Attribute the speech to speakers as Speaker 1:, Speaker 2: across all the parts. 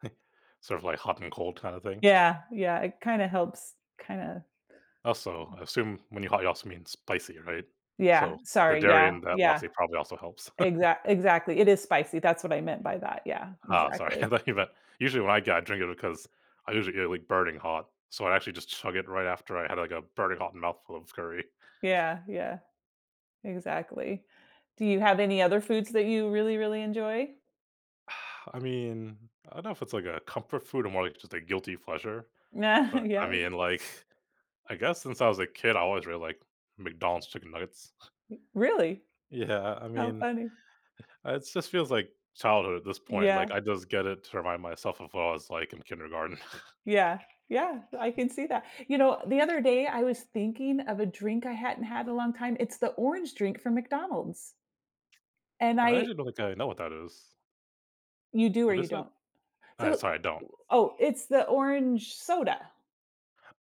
Speaker 1: Sort of like hot and cold kinda thing?
Speaker 2: Yeah, yeah, it kinda helps. Kinda
Speaker 1: Also, I assume when you hot, you also mean spicy, right?
Speaker 2: Yeah.
Speaker 1: So, the
Speaker 2: Sorry,
Speaker 1: dairy
Speaker 2: yeah,
Speaker 1: in that
Speaker 2: yeah.
Speaker 1: lassi probably also helps.
Speaker 2: Exact exactly, it is spicy, that's what I meant by that, yeah,
Speaker 1: Ah, sorry, I
Speaker 2: exactly.
Speaker 1: thought you meant usually, when I got drink it because I usually get, like, burning hot. So, I actually just chug it right after I had, like, a burning hot mouthful of curry.
Speaker 2: Yeah, yeah. Exactly. Do you have any other foods that you really, really enjoy?
Speaker 1: I mean, I don't know if it's like a comfort food or more, like, just a guilty pleasure, but, I
Speaker 2: Yep.
Speaker 1: mean, like, I guess since I was a kid, I always really liked McDonald's chicken nuggets
Speaker 2: M Really?
Speaker 1: Yeah, I
Speaker 2: How
Speaker 1: mean,
Speaker 2: funny.
Speaker 1: it just feels like childhood at this point, like,
Speaker 2: Yeah.
Speaker 1: I just get it to remind myself of what I was like in kindergarten.
Speaker 2: Yeah, yeah, I can see that. You know, the other day I was thinking of a drink I hadn't had in a long time, it's the orange drink from McDonald's and
Speaker 1: I
Speaker 2: I
Speaker 1: actually don't think I know what that is.
Speaker 2: You do or
Speaker 1: What
Speaker 2: you
Speaker 1: is it?
Speaker 2: don't?
Speaker 1: Alright,
Speaker 2: So
Speaker 1: sorry, I don't.
Speaker 2: oh, it's the orange soda.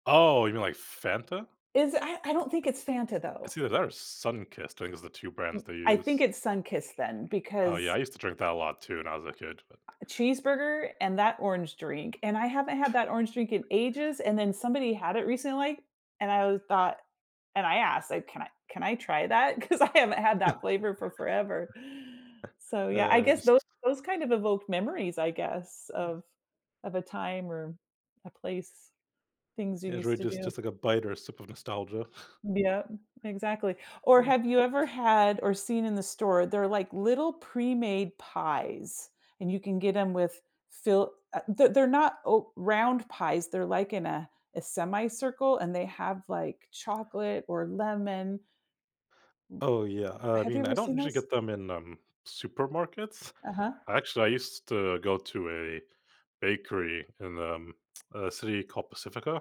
Speaker 1: Oh, you mean, like, Fanta?
Speaker 2: Is I I don't think it's Fanta though.
Speaker 1: It's either that or Sunkist, I think is the 2
Speaker 2: M
Speaker 1: brands they
Speaker 2: I think
Speaker 1: use.
Speaker 2: it's Sunkist then
Speaker 1: Oh,
Speaker 2: because
Speaker 1: yeah, I used to drink that a lot too when I was a
Speaker 2: Uh,
Speaker 1: kid, but
Speaker 2: cheeseburger and that orange drink, and I haven't had that orange drink in ages and then somebody had it recently, and I w thought and I asked like, "Can I can I try that?" 'Cause I haven't had that flavor for forever. So, yeah, I
Speaker 1: Uh,
Speaker 2: guess
Speaker 1: just
Speaker 2: those those kind of evoke memories I guess of of a time or a place, things you
Speaker 1: It's
Speaker 2: used
Speaker 1: really
Speaker 2: to
Speaker 1: just
Speaker 2: do.
Speaker 1: just like a bite or a sip of nostalgia.
Speaker 2: Yep, exactly. Or
Speaker 1: Yeah.
Speaker 2: have you ever had or seen in the store, they're like little pre-made pies, and you can get 'em with fill uh, they're they're not o round pies, they're like in a a semi-circle and they have, like, chocolate or lemon.
Speaker 1: Oh, yeah, uh, I
Speaker 2: Have you
Speaker 1: mean, I
Speaker 2: ever
Speaker 1: don't
Speaker 2: seen
Speaker 1: usually
Speaker 2: those?
Speaker 1: get them in, um, supermarkets.
Speaker 2: Uh-huh.
Speaker 1: Actually, I used to go to a bakery in, um, a city called Pacifica.